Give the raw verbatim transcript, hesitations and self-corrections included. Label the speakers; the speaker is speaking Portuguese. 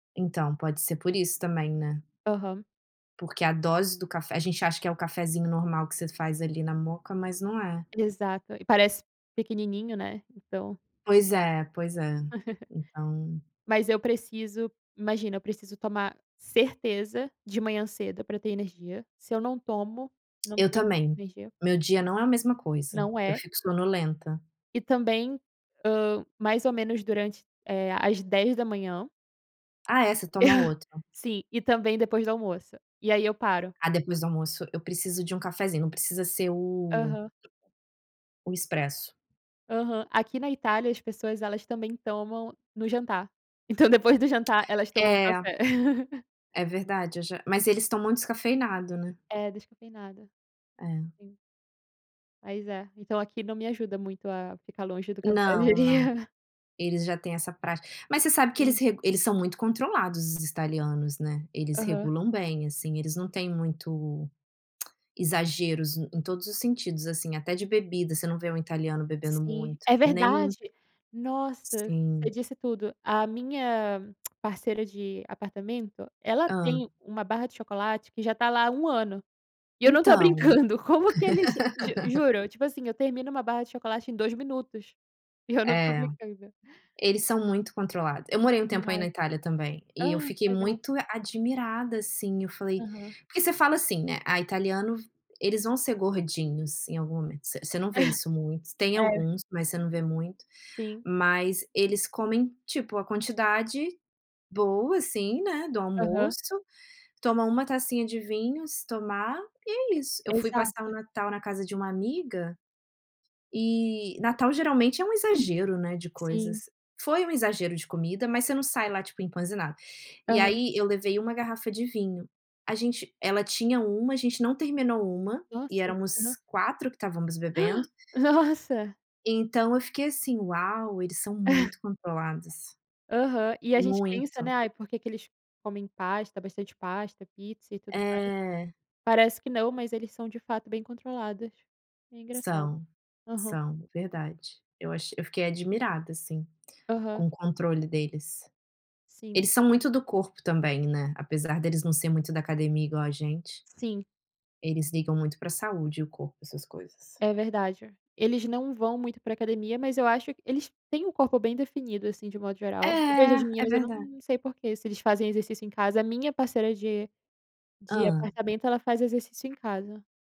Speaker 1: Então, pode ser por isso também, né.
Speaker 2: Aham.
Speaker 1: Porque a dose do café a gente acha que é o cafezinho normal que você faz ali na moka, mas não é.
Speaker 2: Exato, e parece pequenininho, né, então.
Speaker 1: Pois é, pois é, então
Speaker 2: Mas eu preciso, imagina, eu preciso tomar certeza de manhã cedo para ter energia, se eu não tomo, não
Speaker 1: Eu
Speaker 2: tenho
Speaker 1: também,
Speaker 2: energia.
Speaker 1: meu dia não é a mesma coisa,
Speaker 2: Não
Speaker 1: eu
Speaker 2: é.
Speaker 1: fico sonolenta.
Speaker 2: E também, hã, mais ou menos durante, eh, às dez da manhã.
Speaker 1: Ah é, você toma outro.
Speaker 2: Sim, e também depois do almoço, e aí eu paro.
Speaker 1: Ah, depois do almoço eu preciso de um cafezinho, não precisa ser o
Speaker 2: Aham.
Speaker 1: o expresso.
Speaker 2: Aham. Aqui na Itália as pessoas elas também tomam no jantar. Então depois do jantar elas tomam
Speaker 1: É.
Speaker 2: café.
Speaker 1: É verdade eu já mas eles tomam descafeinado, né.
Speaker 2: É, descafeinado.
Speaker 1: É.
Speaker 2: Sim. Mas é, então, aqui não me ajuda muito a ficar longe do café, eu
Speaker 1: Não, não,
Speaker 2: diria.
Speaker 1: eles já têm essa prática. Mas você sabe que eles
Speaker 2: Sim.
Speaker 1: re eles são muito controlados, os italianos, né. Eles
Speaker 2: Aham.
Speaker 1: regulam bem, assim, eles não têm muito exageros em todos os sentidos, assim. Até de bebida: você não vê um italiano bebendo
Speaker 2: Sim,
Speaker 1: muito,
Speaker 2: é
Speaker 1: nem um
Speaker 2: verdade. Nossa, você
Speaker 1: Sim.
Speaker 2: disse tudo, a minha parceira de apartamento, ela
Speaker 1: Hã.
Speaker 2: tem uma barra de chocolate que já está lá há um ano, e eu não estou
Speaker 1: Então.
Speaker 2: brincando, como que eles ju juro, tipo assim, eu termino uma barra de chocolate em dois minutos, e eu não estou
Speaker 1: É,
Speaker 2: brincando.
Speaker 1: eles são muito controlado. Eu morei um tempo aí na
Speaker 2: Demais.
Speaker 1: Itália também, e eu
Speaker 2: Ah,
Speaker 1: fiquei
Speaker 2: legal.
Speaker 1: muito admirada, assim. Eu falei
Speaker 2: Aham.
Speaker 1: porque você fala assim, né: "Ah, italiano, eles vão ser gordinhos em algum momento". V você não vê isso muito, tem
Speaker 2: É.
Speaker 1: alguns mas você não vê muito.
Speaker 2: Sim.
Speaker 1: Mas eles comem, tipo, a quantidade boa, assim, né, do
Speaker 2: Aham.
Speaker 1: almoço. Toma uma tacinha de vinho, se tomar, e é isso.
Speaker 2: E
Speaker 1: Eu fui passar o
Speaker 2: exato.
Speaker 1: Natal na casa de uma amiga, e Natal geralmente é um exagero, né, de
Speaker 2: Sim.
Speaker 1: coisas. Foi um exagero de comida, mas você não sai lá, tipo, empazinada. E
Speaker 2: Aham.
Speaker 1: aí eu levei uma garrafa de vinho. A gente ela tinha uma, a gente não terminou uma, e
Speaker 2: Nossa,
Speaker 1: éramos
Speaker 2: aham.
Speaker 1: quatro que estávamos bebendo.
Speaker 2: Nossa.
Speaker 1: Então eu fiquei assim: "Uau, eles são muito controlados".
Speaker 2: Aham. E a gente pensa, né:
Speaker 1: Muito.
Speaker 2: "Ai, por que que eles comem pasta, bastante pasta, pizza e tudo mais".
Speaker 1: É.
Speaker 2: Parece que não, mas eles são de fato bem controlados. É engraçado.
Speaker 1: São,
Speaker 2: Aham.
Speaker 1: são, verdade, eu acho eu fiquei admirada assim,
Speaker 2: Aham.
Speaker 1: com o controle deles.
Speaker 2: Sim.
Speaker 1: Eles são muito do corpo também, né. Apesar deles não ser muito da academia igual a gente...
Speaker 2: Sim.
Speaker 1: eles ligam muito para saúde e o corpo, essas coisas.
Speaker 2: É verdade. Eles não vão muito para academia, mas eu acho eles têm o corpo bem definido, assim, de um modo
Speaker 1: É,
Speaker 2: geral. Eu vejo as
Speaker 1: é
Speaker 2: meninas, eu
Speaker 1: verda
Speaker 2: não sei porquê, se eles fazem exercício em casa. A minha parceira de de
Speaker 1: Hã.
Speaker 2: apartamento, ela faz exercício em casa.